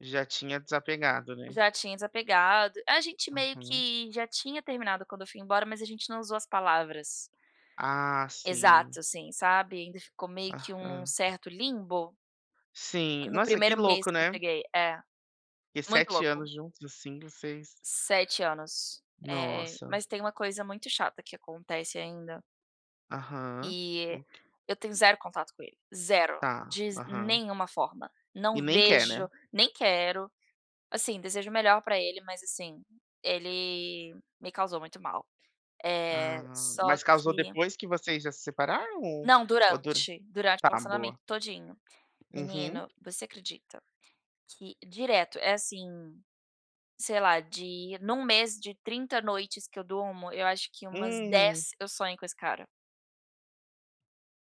Já tinha desapegado, né. Já tinha desapegado. A gente meio Uhum. que já tinha terminado quando eu fui embora, mas a gente não usou as palavras Ah, sim. exato, assim, sabe. Ainda ficou meio que um num Aham. certo limbo. Sim. No Nossa, que 1º mês louco. que eu né. cheguei. É, Que muito 7 louco. anos juntos, assim, vocês 7 anos. Eh, Nossa. mas tem uma coisa muito chata que acontece ainda. Aham, E o qu eu tenho 0 contato com ele, 0, Tá. diz Aham. nenhuma forma, E não nem quer, né. vejo, nem quero. Assim, desejo o melhor para ele, mas, assim, ele me causou muito mal. Eh, Ah. só Mas causou que depois que vocês já se separaram ou Não, ou dura? durante, durante o Tá, relacionamento boa. todinho. Uhum. Menino, você acredita que direto, é, assim, sei lá, de em um mês de 30 noites que eu durmo, eu acho que umas Hum. 10 eu sonho com esse cara.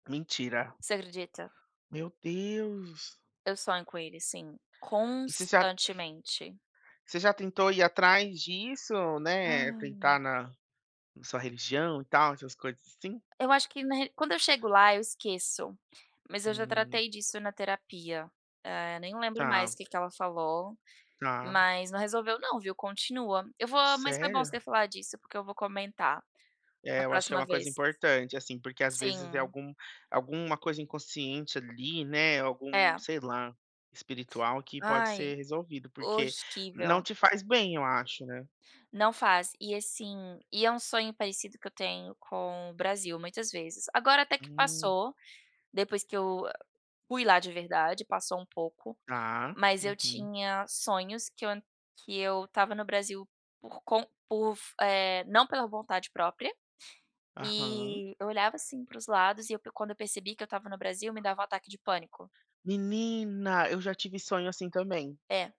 Mentira. Você acredita. Meu Deus! Eu sonho com ele sim, E você já constantemente. Você já tentou ir atrás disso? Né, Hã. tentar na na sua religião e tal, essas coisas, assim? Eu acho que na re quando eu chego lá eu esqueço. Mas eu já Hum. tratei disso na terapia, eh, nem lembro mais Tá. o que que ela falou, Tá. mas não resolveu não viu, continua. Eu vou mas foi bom Sério? você falar disso porque eu vou comentar, É, na eu acho que é próxima uma coisa vez. importante, assim, porque às vezes é Sim. algum alguma coisa inconsciente ali, né, algum, É. sei lá, espiritual que pode ser Ai, resolvido, porque não horrível. te faz bem eu acho, né. Não faz. E, assim, e é um sonho parecido que eu tenho com o Brasil muitas vezes. Agora até que Hum. passou, depois que eu fui lá de verdade, passou um pouco, Tá. mas eu Uhum. tinha sonhos que eu que eu estava no Brasil por com por f eh, não pela vontade própria, Aham. e eu olhava assim para os lados e eu pro quando eu percebi que eu estava no Brasil me dava um ataque de pânico. Menina, eu já tive sonho assim também. É.